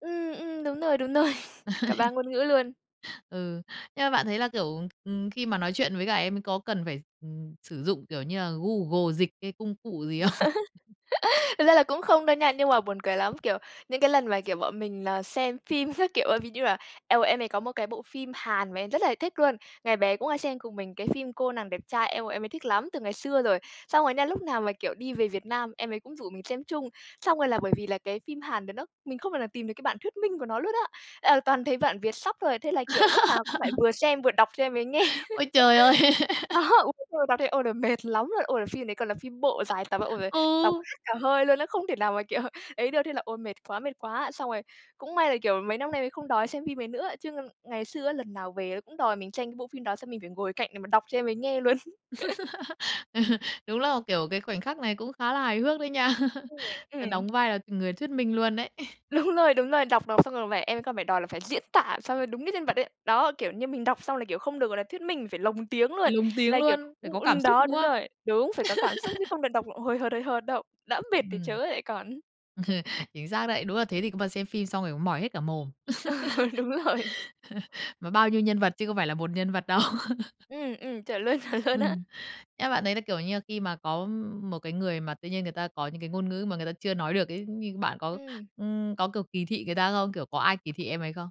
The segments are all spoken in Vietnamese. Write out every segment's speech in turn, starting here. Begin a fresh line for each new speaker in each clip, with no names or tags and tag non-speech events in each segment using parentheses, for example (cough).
Ừm, ừm, đúng rồi, đúng rồi. (laughs) Cả 3
(laughs)
ngôn ngữ luôn.
Ừ, nhưng mà bạn thấy là, kiểu, ừm, ừm, khi mà nói chuyện với cả em ấy có cần phải, ừm, sử dụng, kiểu như là, Google Dịch hay công cụ gì không? (laughs)
(laughs) Thật ra là cũng không đâu nha nhưng mà buồn cười lắm, kiểu, những cái lần mà, kiểu, bọn mình là xem phim các kiểu á, ví như là, eo ôi, em mình có một cái bộ phim Hàn mà em rất là thích luôn, ngày bé cũng hay xem cùng mình, cái phim "Cô nàng đẹp trai", eo ôi, em ấy thích lắm! Từ ngày xưa rồi, xong rồi nha lúc nào mà, kiểu, đi về Việt Nam em ấy cũng rủ mình xem chung, xong rồi là bởi vì là cái phim Hàn đấy nó mình không thể nào tìm được cái bản thuyết minh của nó luôn á, à, toàn thấy bản vietsub thôi, thế là, kiểu, lúc nào cũng phải
(laughs)
vừa xem vừa đọc cho em ấy nghe.
Ôi trời ơi!
(laughs) Đó,
(laughs)
đúng đúng rồi, đọc thấy, ôi, đ mệt lắm luôn! Ôi, là phim đấy còn là phim bộ dài tập, ôi giời ơi! Đọc
Ừ!
hết cả hơi luôn ấy, không thể nào mà, kiểu, ấy được, thế là, ôi, mệt quá, mệt quá! Xong rồi cũng may là, kiểu, mấy năm nay mới không đòi xem phim ấy nữa, chứ ngày xưa á, lần nào về á cũng đòi mình tranh cái bộ phim đó, xong mình phải ngồi cạnh để mà đọc cho em ấy nghe luôn. (laughs)
(laughs) Ờ. Đúng là, kiểu, cái khoảnh khắc này cũng khá là hài hước đấy nha. (laughs)
(unintelligible)
Đó
Ừm.
đóng vai là người thuyết minh luôn ấy. (laughs)
Đúng rồi, đúng rồi, đọc đọc xong rồi mà em ấy còn phải đòi là phải diễn tả sao cho đúng cái nhân vật ấy, đó, kiểu như, mình đọc xong là, kiểu, không được, gọi là, thuyết minh, mình phải lồng tiếng
Phải
luôn.
lồng tiếng
Là, kiểu,
luôn, phải
u
có
ờ,
cảm xúc,
đó,
đúng
đúng
không?
rồi, đúng, phải có cảm xúc chứ
(laughs)
không được đọc l hời hợt, hời hợt đâu. Đã mệt thì chớ
Ừm.
lại còn
(laughs) Chính xác đấy, đúng là thế thì có mà xem phim xong rồi cũng mỏi hết cả mồm,
Ừ, đúng rồi.
(laughs) mà bao nhiêu nhân vật chứ có phải là 1 nhân vật đâu. (laughs)
Ừm, ừm, chuẩn luôn, chuẩn luôn á.
Ừm, em bạn đấy là, kiểu như là, khi mà có một cái người mà tự nhiên người ta có những cái ngôn ngữ mà người ta chưa nói được ấy, như bạn có,
Ừm.
ừm, có, kiểu, kỳ thị người ta không? Kiểu, có ai kỳ thị em ấy không?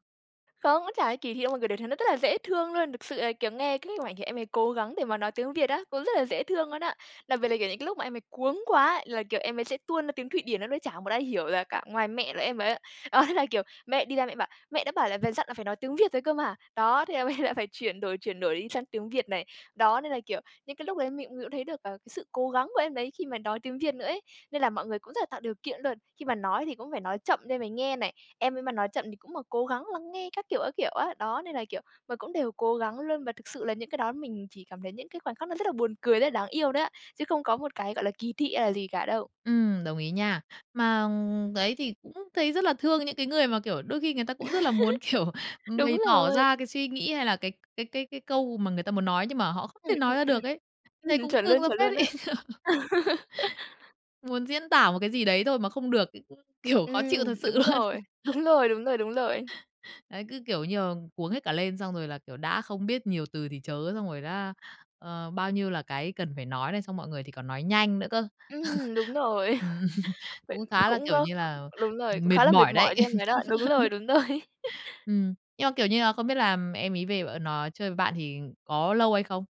Không, nó chả ai kỳ thị đâu, mọi người đều thấy nó rất là dễ thương luôn! Thực sự là, kiểu, nghe cái (unintelligible) thì em ấy cố gắng để mà nói tiếng Việt á, cũng rất là dễ thương luôn á! Đặc biệt là, kiểu, những cái lúc mà em ấy cuống quá là, kiểu, em ấy sẽ tuôn ra tiếng Thụy Điển nó nói, chả một ai hiểu là cả, ngoài mẹ là em ấy, đó. Thế là, kiểu, mẹ đi ra mẹ bảo: "Mẹ đã bảo là về dặn là phải nói tiếng Việt rồi cơ mà." Đó, thế em ấy lại phải chuyển đổi chuyển đổi đi sang tiếng Việt này. Đó, nên là, kiểu, những cái lúc đấy mình cũng mình cũng thấy được, ờ, cái sự cố gắng của em đấy khi mà nói tiếng Việt nữa ấy. Nên là mọi người cũng rất là tạo điều kiện luôn, khi mà nói thì cũng phải nói chậm để em ấy nghe này, em ấy mà nói chậm thì cũng mà cố gắng lắng nghe các kiểu, các kiểu á. Đó, nên là, kiểu mà, cũng đều cố gắng luôn và thực sự là những cái đó mình chỉ cảm thấy những cái khoảnh khắc nó rất là buồn cười, rất là đáng yêu đấy ạ, chứ không có một cái, gọi là, kỳ thị hay là gì cả đâu.
Ừm, đồng ý nha. Mà, ừm, đấy, thì cũng thấy rất là thương những cái người mà, kiểu, đôi khi người ta cũng rất là muốn, kiểu,
(laughs)
ừm,
Đúng
bày tỏ
rồi.
ra cái suy nghĩ hay là cái cái cái cái câu mà người ta muốn nói nhưng mà họ không
Ừm,
thể
ừm,
nói ra
ừm,
được ấy, thấy
ừm,
cũng
chuẩn
thương
luôn,
ra
chuẩn
phết
luôn á.
ấy! (laughs)
(laughs)
Muốn diễn tả một cái gì đấy thôi mà không được ấy cũng, kiểu, khó
Ừm,
chịu thật sự
đúng
luôn.
rồi, đúng
(laughs)
rồi, đúng rồi, đúng rồi.
Đấy, cứ, kiểu như là, cuống hết cả lên xong rồi là, kiểu, đã không biết nhiều từ thì chớ xong rồi đã, ờ, bao nhiêu là cái cần phải nói này, xong mọi người thì còn nói nhanh nữa cơ.
Ừm, đúng
(laughs)
rồi,
Ừm,
(laughs) vậy
cũng khá là,
cũng
kiểu
có
như
ừm,
là,
đúng rồi, cũng
mệt
khá là mệt
mỏi đấy.
mỏi cho em ấy đó. Đúng rồi,
(laughs)
đúng rồi. (laughs)
Ừm. Nhưng mà, kiểu như là, không biết là, ừm, em ấy về và nó chơi với bạn thì có lâu hay không?